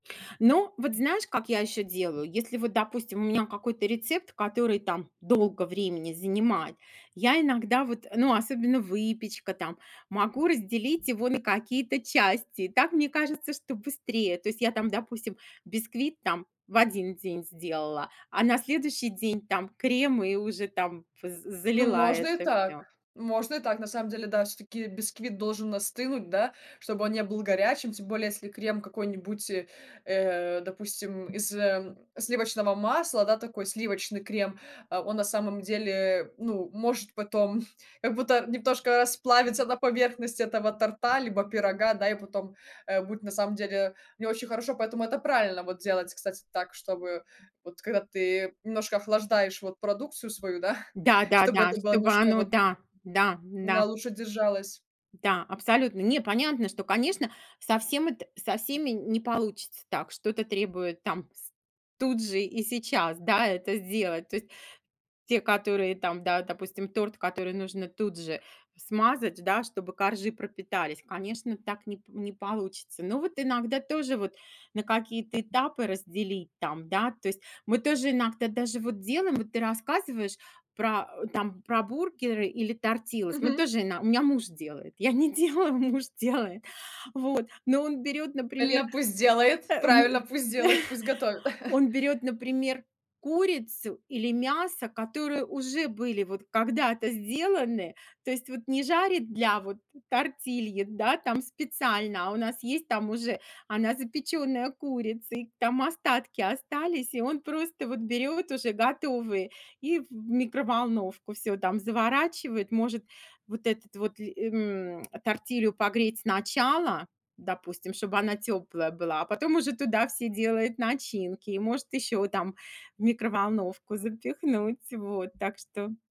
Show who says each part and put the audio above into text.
Speaker 1: Ну вот знаешь, как я еще делаю? Если, вот, допустим, у меня какой-то рецепт, который там долго времени занимает, я иногда, вот Ну, особенно выпечка там, могу разделить его на какие-то части. И так мне кажется, что быстрее. То есть я там, допустим, бисквит там в один день сделала, а на следующий день там крем, и уже там п з
Speaker 2: Ну,
Speaker 1: залила
Speaker 2: можно и
Speaker 1: это
Speaker 2: так,
Speaker 1: всё.
Speaker 2: можно и так, на самом деле, да, всё-таки бисквит должен остынуть, да, чтобы он не был горячим. Тем более, если крем какой-нибудь, э, э, допустим, из, ам, сливочного масла, да, такой сливочный крем. А он, на самом деле, ну, может потом как будто немножко расплавиться на поверхность этого торта, либо пирога, да, и потом, а, будет, на самом деле, не очень хорошо. Поэтому это правильно вот делать, кстати, так, чтобы, вот когда ты немножко охлаждаешь вот продукцию свою, да, чтобы
Speaker 1: Да-да-да!
Speaker 2: это было
Speaker 1: Чтобы
Speaker 2: немножко
Speaker 1: оно
Speaker 2: вот
Speaker 1: да, да,
Speaker 2: на
Speaker 1: н-да.
Speaker 2: лучше держалось.
Speaker 1: Да, абсолютно. Не, понятно, что, конечно, совсем это со всеми не получится так, что-то требует там с тут же и сейчас, да, это сделать. То есть те, которые там, да, допустим, торт, который нужно тут же смазать, да, чтобы коржи пропитались, конечно, так не п не получится. Но вот иногда тоже вот на какие-то этапы разделить там, да, то есть. Мы тоже иногда даже вот делаем, вот ты рассказываешь про а, там про бургеры или тортилас, мы
Speaker 2: Мгм.
Speaker 1: тоже, ин у меня муж делает, я не делаю, муж делает. Вот, но он берёт, например,
Speaker 2: Правильно, пусть делает,
Speaker 1: а,
Speaker 2: правильно,
Speaker 1: м,
Speaker 2: пусть делает, пусть готовит.
Speaker 1: он берёт, например, курицу или мясо, которые уже были вот когда-то сделаны. То есть вот не жарит для вот тортильи, да там, специально, а у нас есть там уже она запеченная курица. И там остатки остались, и он просто вот берёт уже готовые и в микроволновку. Всё там заворачивает, может вот этот вот ль эм, тортилью погреть сначала, допустим, чтобы она теплая была, а потом уже туда все делают начинки, и может еще там в микроволновку запихнуть. Вот, так что.